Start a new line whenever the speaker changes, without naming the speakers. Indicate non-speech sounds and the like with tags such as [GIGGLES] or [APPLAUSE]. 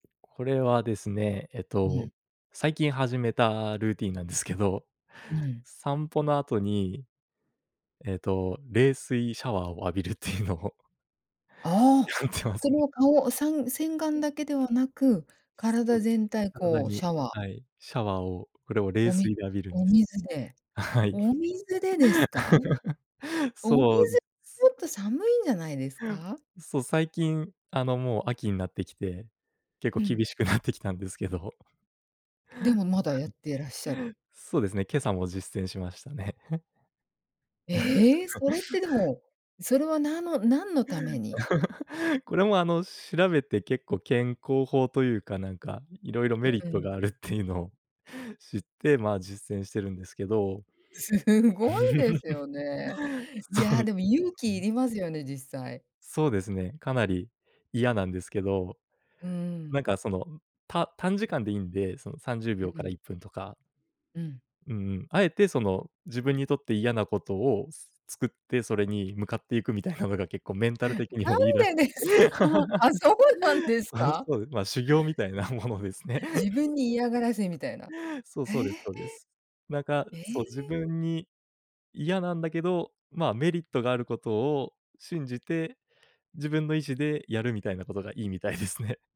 これはですね、えっ
う
と、
ん。
最近始めたルーティン [GIGGLES] なんですけど、
うん。
散歩の後に、えっと、冷水シャワーを [CHUCKLES] 浴びるっていうのを [CHUCKLES]
あ
や
あ、
ってま
そ
す
れ
ね。
は顔、おさん、洗顔
[UNINTELLIGIBLE]
だけではなく、
そ
体
うです。
全体
体
こう
に、
シャワー？
はい、シャワーを、これを冷
おみ、
水で浴びるん
お
です。
水で
はい。
お水でですか？
[CHUCKLES]
お水
そうです。
[UNINTELLIGIBLE] とちょっと寒いんじゃないですか？
そう、最近あの、もう秋になってきて、結構
うーん。
厳しく [CHUCKLES] なってきたんですけど。はい、
でもまだやってらっしゃる？
そうですね、今朝も実践しましたね。[CHUCKLES]
ええ、それっ
[LAUGHS]
てでも、それはなんの、何のために？
[LAUGHS] これもあの、調べて結構健康法というかなんか、いろいろメリッ
う
ト
ん。
があるって [CHUCKLES] いうのを、知ってまあ、実践してるんですけど。
すごいですよね。
[CHUCKLES]
い
そ
や、
の。
でも勇
う
気い
ん。
りますよね、実際。
そうですね、かなり嫌なんですけど。
うー
なん
ん。
かその、た短時間でいいんで、そのさんじゅうび
う
ょうから
ん。
1分とか。
うん。
うんうん。あえてその、自分にとって嫌なことを作って、それに向かっていくみたいなのが結構メンタル的にも
な
いいらし
んで
く
ですか？
て
[CHUCKLES] あ、そうなん
[LAUGHS]
です
あ、
か？
そうです、ま、修行みたいなものですね。
自分に嫌がらせみたいな。
[CHUCKLES] そう、
え
そうで
え。
すそうです。なんか、
え
そう、自
え。
分に嫌なんだけど、ま、メリットがあることを信じて、自分の意志でやるみたいなことがいいみたい [CHUCKLES] ですね。